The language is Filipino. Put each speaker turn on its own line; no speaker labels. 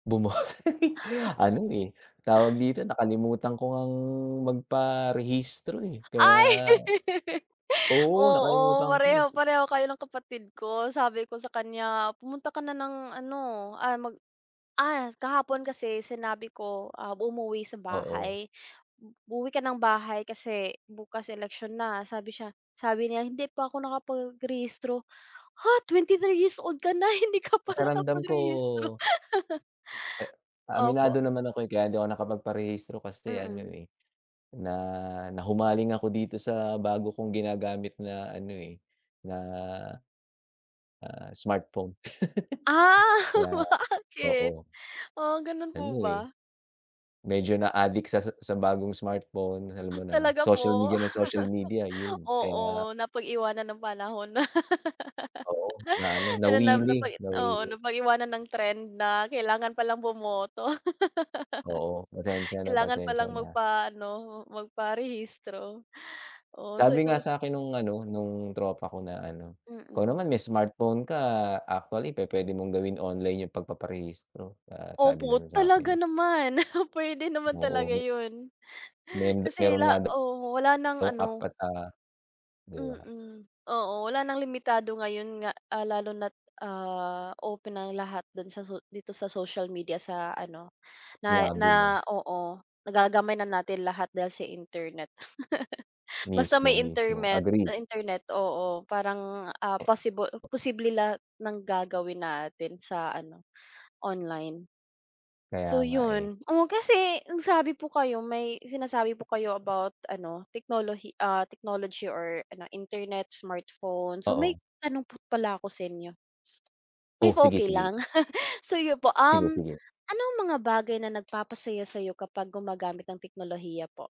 Bumo Ano, eh, tawag dito nakalimutan ko ngang magparehistro, eh, kaya
Ay!
oo,
Oo,
nakalimutan ko.
parehong-pareho kayo ng kapatid ko sabi ko sa kanya pumunta ka na ng ano, ah, mag ah, kahapon kasi sinabi ko, ah, umuwi sa
Oo.
bahay, "uuwi ka ng bahay kasi bukas eleksyon na" sabi siya sabi niya "hindi pa ako nakapagrehistro," "Ha! 23 years old ka na hindi ka pa
Pakiramdam ko
nakapagrehistro".
Eh,
Opo.
aminado naman ako, eh, kaya hindi ako nakapagparehistro kasi ano,
Mm.
eh, na, nahumaling ako dito sa bago kong ginagamit na ano, eh, na, ah smartphone.
Ah,
Kaya,
bakit?
oo.
Ah, gano'n
Ano,
po
eh,
ba?
medyo na-addict sa sa sa bagong smartphone alam mo na
Talaga
social
po?
media nang social media 'yun kaya
Oo, napag-iwanan ng panahon na.
Oo na ano
Ano na
nawili,
napag oo
nawili.
napag-iwanan ng trend na kailangan palang bumoto.
Oo, pasensya na,
Kailangan pa
pasensya
lang
na.
magpaano, magparehistro, oo sabi
Sabi
ko
nga sa'kin nung ano nung tropa ko na ano, "ikaw
Mm.
naman may smartphone ka actually pu puwede mong gawin online yung pagpaparehistro," ah, sabing
Opo
gano'n
talaga
sa'kin.
naman, puwede naman
Oo,
talaga
me
'yun.
Men
Kasi
mayro'n nga
la
daw,
oo, wala ng
yung app
ano
ata, 'di ba.
mm, oo wala ng limitado ngayon nga, ah, lalo na't, ah, open ang lahat do'n sa su dito sa social media sa ano, na
Sinabi mo.
na oo, nagagamay na natin lahat dahil sa internet. Basta
Mismo,
may
mismo
intermet
agree.
ah, internet oo parang, ah, pasibo posible lahat ng gagawin natin sa ano, online.
Kaya
So
nga, eh.
'yun, oo kasi nagsabi po kayo may sinasabi po kayo about ano teknolohi ah, technology or ano internet smartphone so may
Oo.
tanong po pala ako sa inyo
O,
if okey
sige-sige.
lang? So 'yun po, um,
Sige-sige.
anong mga bagay na nagpapasaya sa'yo kapag gumagamit ng teknolohiya po?